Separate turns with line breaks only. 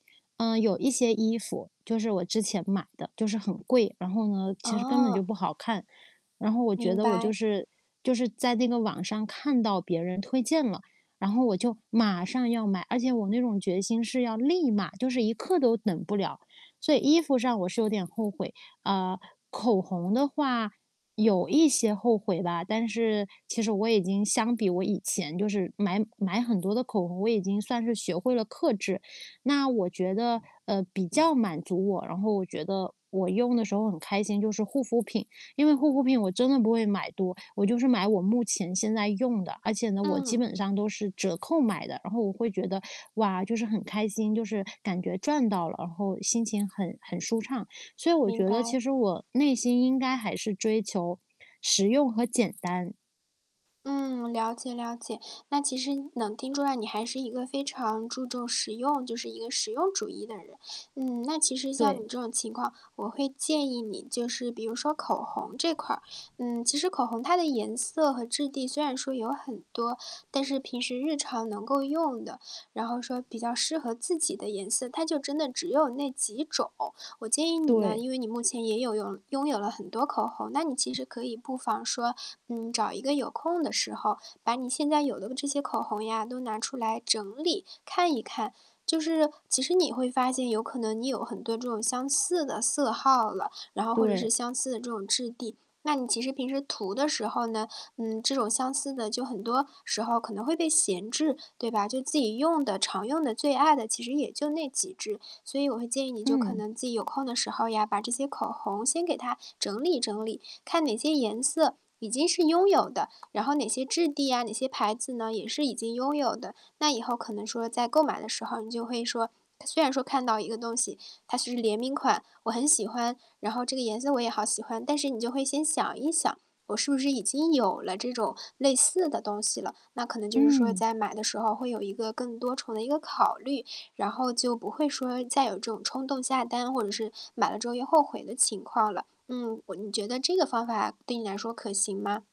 嗯，有一些衣服，就是我之前买的，就是很贵，然后呢，其实根本就
哦。
不好看。然后我觉
明
得我就
白。
是就是在那个网上看到别人推荐了，然后我就马上要买，而且我那种决心是要立马，就是一刻都等不了，所以衣服上我是有点后悔。啊，口红的话，有一些后悔吧，但是其实我已经相比我以前就是买买很多的口红，我已经算是学会了克制。那我觉得，呃，比较满足我，然后我觉得我用的时候很开心就是护肤品。因为护肤品我真的不会买多，我就是买我目前现在用的，而且呢我基
嗯。
本上都是折扣买的。然后我会觉得，哇，就是很开心，就是感觉赚到了，然后心情很很舒畅。所以我
明
觉得其
白。
实我内心应该还是追求实用和简单。
嗯，了解了解。那其实能听出来你还是一个非常注重实用，就是一个实用主义的人。嗯，那其实像
对。
你这种情况，我会建议你就是比如说口红这块儿，嗯，其实口红它的颜色和质地虽然说有很多，但是平时日常能够用的，然后说比较适合自己的颜色，它就真的只有那几种。我建议你呢，
对。
因为你目前也有用拥有了很多口红，那你其实可以不妨说，嗯，找一个有空的时候，把你现在有的这些口红呀都拿出来整理，看一看。就是，其实你会发现有可能你有很多这种相似的色号了，然后或者是
对。
相似的这种质地。那你其实平时涂的时候呢，嗯，这种相似的就很多时候可能会被闲置，对吧？就自己用的、常用的、最爱的其实也就那几支。所以我会建议你就可
嗯。
能自己有空的时候呀，把这些口红先给它整理整理，看哪些颜色已经是拥有的，然后哪些质地啊，哪些牌子呢，也是已经拥有的。那以后可能说在购买的时候，你就会说，它虽然说看到一个东西，它是联名款，我很喜欢，然后这个颜色我也好喜欢，但是你就会先想一想，我是不是已经有了这种类似的东西了。那可能就是说
嗯。
在买的时候会有一个更多重的一个考虑，然后就不会说再有这种冲动下单，或者是买了之后又后悔的情况了。嗯，我你觉得这个方法对你来说可行吗？